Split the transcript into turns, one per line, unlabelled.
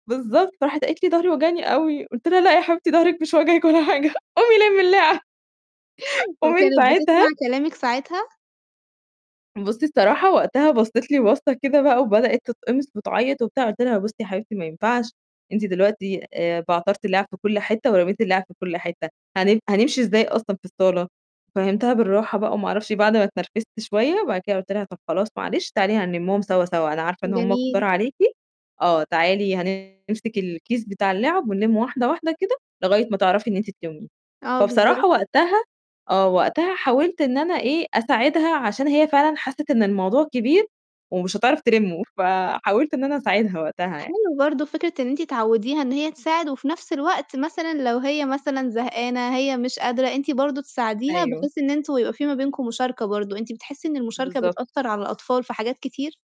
بالضبط، فراحت قالت لي ضهري واجعني أوي، قلت لها لا يا حبيبتي ضهرِك مش واجعِك ولا حاجة قومي لمِّي اللعب. ومن
وكانت بتسمع
ساعتها
كلامك ساعتها؟
بُصِّي الصراحة، وقتها بصِّت لي بصَّة كده بقى وبدأت تتقمِص وتعيط وبتاع، قُلت لها بُصِّي يا حبيبتي ما ينفعش أنتِ دلوقتي آآ، بعترتي الِلعَب في كُلّ حِتَّة ورميتِ الِلعَب في كُلّ حِتَّة، هن هنمشي إزاي أصلًا في الصالة؟! فهّمتها بالراحة بقى وما أعرفش بعد ما اتنرفزت شوية، وبعد كده قُلت لها طَب خلاص معلش، تعالي هنلِمُّهم سوا، سوا. أنا عارفة إن هم كُتار
جميل.
عليكِ آه تعالي هنمسِك الكيس بتاع الِلعَب، ونلِّم واحدة، واحدة كده، لغاية ما تعرفي إن أنتِ تلِّمّيهم،
آه،
فبصراحة
بالضبط.
وقتها آه، وقتها حاولت إن أنا إيه، أساعدها عشان هي فعلًا حسِّت إن الموضوع كبير ومش هتعرف تلِمُّه، فحاولت إن أنا أساعدها وقتها يعني.
حلو برضه فكرة إن أنتِ تعودّيها إن هي تساعد، وفي نفس الوقت مثلًا لو هي مثلًا زهقانة هي مش قادرة، أنتِ برضه تساعديها،
أيوه.
بحيث إن أنتوا يبقى في ما بينكم مشاركة برضه، أنتِ بتحسي إن المشاركة
بالضبط.
بتأثّر على الأطفال في حاجات كتير؟